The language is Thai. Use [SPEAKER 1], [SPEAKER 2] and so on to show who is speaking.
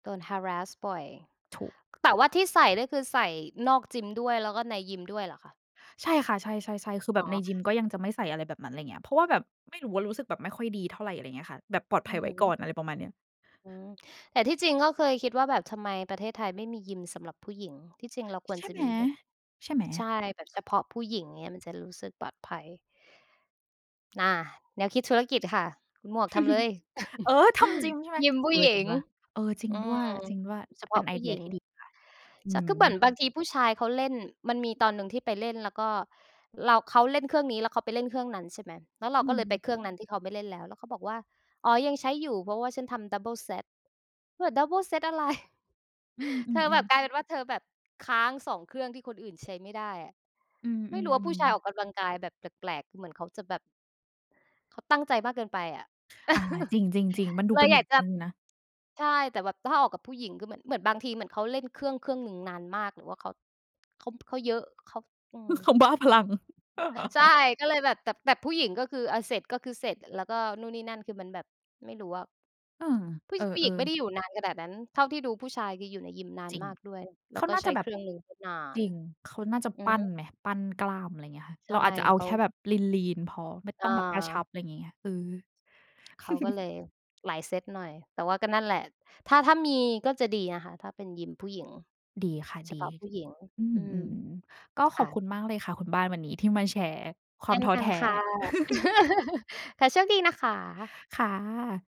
[SPEAKER 1] โดน harass บ่อย
[SPEAKER 2] ถูก
[SPEAKER 1] แต่ว่าที่ใส่นี่คือใส่นอกจิมด้วย แล้วก็ในยิมด้วยเหรอคะ?
[SPEAKER 2] ใช่ค่ะ ใช่ ๆ ๆ คือแ
[SPEAKER 1] อ๋
[SPEAKER 2] บบใน
[SPEAKER 1] อ
[SPEAKER 2] ยิมก็ยังจะไม่ใส่อะไรแบบนั้น ไรเงี้ย เพราะว่าแบบไม่รู้ว่า รู้สึกแบบไม่ค่อยดีเท่าไร อะไรเงี้ยค่ะ แบบปลอดภ
[SPEAKER 1] อ
[SPEAKER 2] ั
[SPEAKER 1] ื
[SPEAKER 2] ย
[SPEAKER 1] อ
[SPEAKER 2] ไว
[SPEAKER 1] ฮ
[SPEAKER 2] ้ก่อ
[SPEAKER 1] ึ
[SPEAKER 2] น อะไรประมาณเนี้ย
[SPEAKER 1] อืม แต่ที่จริงก็เคยคิดว่าแบบทำไมประเทศไทยไม่มียิมสำหรับผู้หญิง ที่จริงเราคว
[SPEAKER 2] ใ
[SPEAKER 1] ร
[SPEAKER 2] ช่
[SPEAKER 1] จะ
[SPEAKER 2] ไหม
[SPEAKER 1] มีแบบ
[SPEAKER 2] ใช่ไหม?
[SPEAKER 1] ใช่ แบบเฉพาะผู้หญิงอย่างเงี้ย มันจะรู้สึกปลอดภัย น่ะ แนวคิดธุรกิจค่ะ คุณหมวกทำเลย
[SPEAKER 2] เออ ทำจริงใช่ไหม?
[SPEAKER 1] ยิมผ
[SPEAKER 2] เ
[SPEAKER 1] ู
[SPEAKER 2] อ
[SPEAKER 1] ้
[SPEAKER 2] อ
[SPEAKER 1] หญ
[SPEAKER 2] ถึ
[SPEAKER 1] ิ
[SPEAKER 2] ง
[SPEAKER 1] ง
[SPEAKER 2] ว่า เออ จริง
[SPEAKER 1] อื
[SPEAKER 2] ด้วย
[SPEAKER 1] ม
[SPEAKER 2] จริงด้วย
[SPEAKER 1] เฉพ
[SPEAKER 2] เป
[SPEAKER 1] า
[SPEAKER 2] ็
[SPEAKER 1] ะ
[SPEAKER 2] นไอ
[SPEAKER 1] ผู้
[SPEAKER 2] เดี
[SPEAKER 1] หญ
[SPEAKER 2] ย
[SPEAKER 1] ิง
[SPEAKER 2] ที่ดีค่ะ อื
[SPEAKER 1] ฉั
[SPEAKER 2] อ
[SPEAKER 1] นก็บ
[SPEAKER 2] ฮ
[SPEAKER 1] ่น
[SPEAKER 2] ึ
[SPEAKER 1] บางทีผู้ชายเขาเล่น มันมีตอนหนึ่งที่ไปเล่น แล้วก็เรา เขาเล่นเครื่องนี้ แล้วเขาไปเล่นเครื่องนั้น ใช่ไหม แล้วเรา
[SPEAKER 2] อื
[SPEAKER 1] ก็เลยไป
[SPEAKER 2] ม
[SPEAKER 1] เครื่องนั้นที่เขาไม่เล่นแล้ว แล้วเขาบอกว่า อ๋อ ยังใช้อยู่ เพราะว่าฉันทำ double set คือแบบ double set อะไร
[SPEAKER 2] อื
[SPEAKER 1] เธอแบ
[SPEAKER 2] อ ๆ
[SPEAKER 1] บ
[SPEAKER 2] ๆ
[SPEAKER 1] กลายเป็นว่า เธอแบบค้าง 2 เครื่องที่คนอื่นใช้ไม่ได้อะ
[SPEAKER 2] อื
[SPEAKER 1] ไม่รู้ว่าผู
[SPEAKER 2] อ
[SPEAKER 1] ้ชายออ
[SPEAKER 2] ๆ ๆ
[SPEAKER 1] กกำลังกายแบบแปลก ๆ เหมือนเขาจะแบบ เขาตั้งใจมากเกินไปอะ
[SPEAKER 2] อ่า จริง ๆ ๆ มันดู
[SPEAKER 1] เล
[SPEAKER 2] เป็
[SPEAKER 1] ย
[SPEAKER 2] น [unintelligible]
[SPEAKER 1] อย
[SPEAKER 2] นิ
[SPEAKER 1] าก
[SPEAKER 2] ด
[SPEAKER 1] จะ
[SPEAKER 2] หนึ่งนะ
[SPEAKER 1] ใช่ แต่แบบ ถ้าออกกับผู้หญิงคือเหมือน เหมือนบางที เหมือนเขาเล่นเครื่อง เครื่องหนึ่งนานมาก หรือว่าเขา เขา เขาเยอะ เขา อื
[SPEAKER 2] เข
[SPEAKER 1] ม
[SPEAKER 2] าบ้าพลัง
[SPEAKER 1] ใช่ ก็เลยแบบ แต่ แต่ผู้หญิงก็คือ อะ เสร็จก็คือเสร็จ แล้วก็นู่นนี่นั่น คือมันแบบ ไม่รู้อะ
[SPEAKER 2] เออ
[SPEAKER 1] ผู้
[SPEAKER 2] เอ
[SPEAKER 1] ช ผู้หญ
[SPEAKER 2] อ
[SPEAKER 1] ิงไม่ไ
[SPEAKER 2] ๆ
[SPEAKER 1] ด้อยู่นานขนาดนั้น เท่าที่ดูผู้ชาย คืออยู่ในยิมนา
[SPEAKER 2] จ
[SPEAKER 1] น
[SPEAKER 2] ริง
[SPEAKER 1] มากด้วย แ
[SPEAKER 2] เ
[SPEAKER 1] ล
[SPEAKER 2] ข
[SPEAKER 1] ้ว
[SPEAKER 2] า
[SPEAKER 1] ก็
[SPEAKER 2] น่า
[SPEAKER 1] ใช
[SPEAKER 2] จะ
[SPEAKER 1] ้
[SPEAKER 2] แบ
[SPEAKER 1] เค
[SPEAKER 2] บ
[SPEAKER 1] รื่องหนึ่ง นา
[SPEAKER 2] จ
[SPEAKER 1] น
[SPEAKER 2] ริง เขาน่าจะ
[SPEAKER 1] อื
[SPEAKER 2] ป
[SPEAKER 1] อ
[SPEAKER 2] ั้
[SPEAKER 1] ฮ
[SPEAKER 2] น
[SPEAKER 1] ึ
[SPEAKER 2] ไหม ปั้นกล้าม อะไรเงี้ยค่ะ
[SPEAKER 1] ใช
[SPEAKER 2] เร
[SPEAKER 1] ่
[SPEAKER 2] าอาจจะเอา
[SPEAKER 1] เข
[SPEAKER 2] แ
[SPEAKER 1] า
[SPEAKER 2] ค่แบบลีน ๆ พอ ไม่ต
[SPEAKER 1] อ
[SPEAKER 2] ้องแบบกระชั
[SPEAKER 1] า
[SPEAKER 2] บ ไรงี้ไง เออ
[SPEAKER 1] เขาก็เลยหลายเซ็ตหน่อย แต่ว่าก็นั่นแหละ ถ้า ถ้ามีก็จะดีนะคะ ถ้าเป็นยิมผู้หญิง
[SPEAKER 2] ดีค่ะ
[SPEAKER 1] เฉ
[SPEAKER 2] ดี
[SPEAKER 1] พาะผู้หญิง
[SPEAKER 2] อื
[SPEAKER 1] อ
[SPEAKER 2] ม
[SPEAKER 1] ื
[SPEAKER 2] อื
[SPEAKER 1] ม
[SPEAKER 2] ม ๆ ๆ ก็
[SPEAKER 1] ค
[SPEAKER 2] ขอ
[SPEAKER 1] ่
[SPEAKER 2] บ
[SPEAKER 1] ะ
[SPEAKER 2] คุณมากเลยค่ะ คุณบ้านวันนี้ที่มาแชร์คว
[SPEAKER 1] เช
[SPEAKER 2] าม
[SPEAKER 1] ่น
[SPEAKER 2] ท้อ
[SPEAKER 1] กั
[SPEAKER 2] แท
[SPEAKER 1] น
[SPEAKER 2] ้
[SPEAKER 1] ค่ะ ค่ะ โชคดีนะคะ
[SPEAKER 2] ค่ะ